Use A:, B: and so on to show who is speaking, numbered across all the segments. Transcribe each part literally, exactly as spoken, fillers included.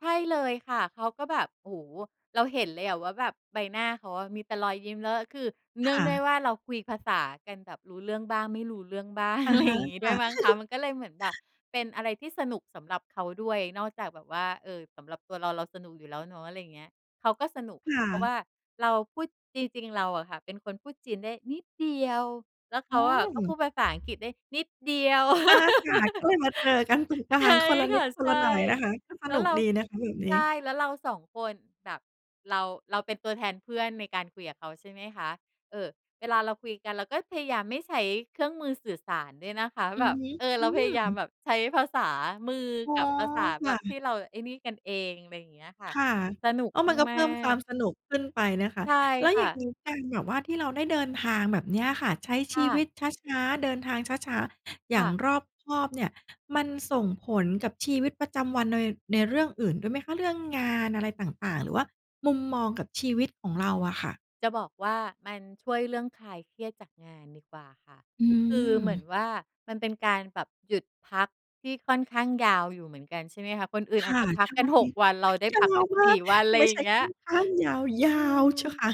A: ใช่เลยค่ะ เขาก็แบบ โอ้โอ เราเห็นเลยอะว่าแบบใบหน้าเขาอะมีแต่รอยยิ้ม แล้วก็คือ เน
B: ค
A: ื่อง
B: ่
A: ด้วย
B: ะ
A: ว่าเราคุยภาษากันแบบรู้เรื่องบ้างไม่รู้เรื่องบ้าง
B: อ
A: อ
B: ะ
A: ะไร
B: ฮ
A: อย
B: ะ
A: ่างงี้
B: ค
A: ด้ว
B: ่
A: ย
B: ะ
A: มั้งคะ มันก็เลยเหมือนแบบเป็นอะไรที่สนุกสำหรับเขาด้วย นอกจากแบบว่า เออ สำหรับตัวเรา เราสนุกอยู่แล้วเนาะ อะไรอย่างเงี้ย เขาก็สนุก
B: ค่
A: เพราะ
B: ะ
A: ว่าเราพูด จริง ๆ เราอะค่ะ เป็นคนพูดจีนได้นิดเดียว แล้วเ
B: อ
A: ข
B: ๋
A: าอะก็พู
B: อ
A: ดภาษาอังกฤษได้นิดเดียว
B: อาค่ะ ก็เลยมาเจอกันตรงกลา
A: ใช่
B: ง คนละ
A: ค
B: นิ
A: ่ะ
B: ดค
A: ใ
B: น
A: ช
B: ล
A: ่
B: ะหน่อยนะคะ ก็ส
A: แล้
B: น
A: ว
B: ุ
A: เ
B: ก
A: รา
B: ดีนะคะแบบน
A: ใช
B: ี
A: ่
B: ้
A: แล้วเรา สอง คนแบบ เรา เราเป็นตัวแทนเพื่อนในการคุยกับเขาใช่ไหมคะ เออ เวลาเราคุยกันเราก็พยายามไม่ใช้เครื่องมือสื่อสารด้วยนะคะ
B: อื
A: แบ
B: อ
A: บ
B: ฮึ
A: เออ
B: อ
A: เ
B: ื
A: ราพยายาม
B: ม
A: แบบใช้ภาษามือ
B: โอ้
A: กั
B: โฮ
A: บภาษา
B: ค
A: แบ
B: ่
A: บท
B: ะ
A: ี่เราไอ้นี่กันเอง อะไรอย่างเงี้ยค่ะ
B: ค่ะ
A: สนุก
B: ก็มันก็
A: ม
B: เ
A: า
B: พิ่มควา
A: ก
B: ม
A: ๆ
B: สนุกขึ้นไปนะคะ
A: ใช่
B: แล้ว
A: ค
B: อ
A: ่
B: ย
A: ะ
B: ่างงี้การแบบว่าที่เราได้เดินทางแบบนี้อะค่ะ ใช้
A: ค
B: ช
A: ่
B: ีว
A: ะ
B: ิตช้า ๆ เดินทางช้า ๆ อย
A: ค
B: ่า
A: ่
B: ง
A: ะ
B: รอบคอบเนี่ย มันส่งผลกับชีวิตประจำวันนอย ในเรื่องอื่นด้วยไหมคะ เรื่องงานอะไรต่าง ๆ หรือว่า มุมมองกับชีวิตของเราอะค่ะ?
A: จะบอกว่ามันช่วยเรื่องคลายเครียดจากงานดีกว่าค่ะ
B: อื
A: คือเหมือน
B: ม
A: ว่า มันเป็นการแบบหยุดพักที่ค่อนข้างยาวอยู่เหมือนกันใช่ไหมคะ คนอื่น
B: ค
A: อาจ
B: ่ะ
A: จะพั
B: ใ
A: ก
B: ช่
A: กัน หก วัน เราได้
B: ยา
A: พัก ส
B: ว
A: ิบ
B: ม
A: ส
B: า
A: ี
B: ก
A: ่ วัน อะไ
B: ไ
A: ร
B: ม่
A: อย
B: ใช
A: ่า
B: ่
A: งเงี
B: ค
A: ้
B: ่
A: ย
B: อนข้างยาว ยา
A: อื
B: ว
A: ม
B: เชียวค่ะ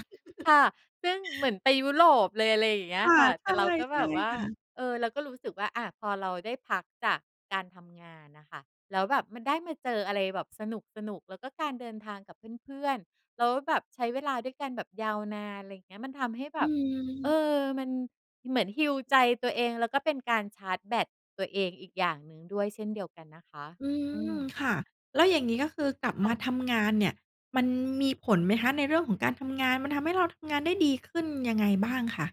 A: ค่ะ ซึ่งเหมือนไปยุโรปเลย อะไรอย่างเงี้
B: ค
A: ย
B: ่ะ
A: ค่ะ แ
B: ใช
A: ต่เราก็แบ
B: ่
A: บว่
B: ๆ
A: า
B: ค่ะ
A: เออ เราก็รู้สึกว่า อะ พอเราได้พักจากการทำงานอะค่ะ แล้วแบบมันได้มาเจออะไรแบบสนุก ๆ แล้วก็การเดินทางกับเพื่อน ๆ แล้วแบบใช้เวลาด้วยกันแบบยาวนาน อะไรอย่างเงี้ย มันทำให้แ
B: อ
A: บ
B: ื
A: บ เอ
B: ม
A: อ มันเหมือนฮีลใจตัวเอง แล้วก็เป็นการชาร์จแบตตัวเองอีกอย่างหนึ่งด้วยเช่นเดียวกันนะคะ
B: อื
A: อื
B: ม
A: ม
B: ค่ะ แล้วอย่างงี้ ก็คือกลับ
A: ค
B: ม
A: ่
B: า
A: ะ
B: ทำงานเนี่ย มันมีผลไหมคะในเรื่องของการทำงาน มันทำให้เราทำงานได้ดีขึ้นยังไงบ้างค่ะ?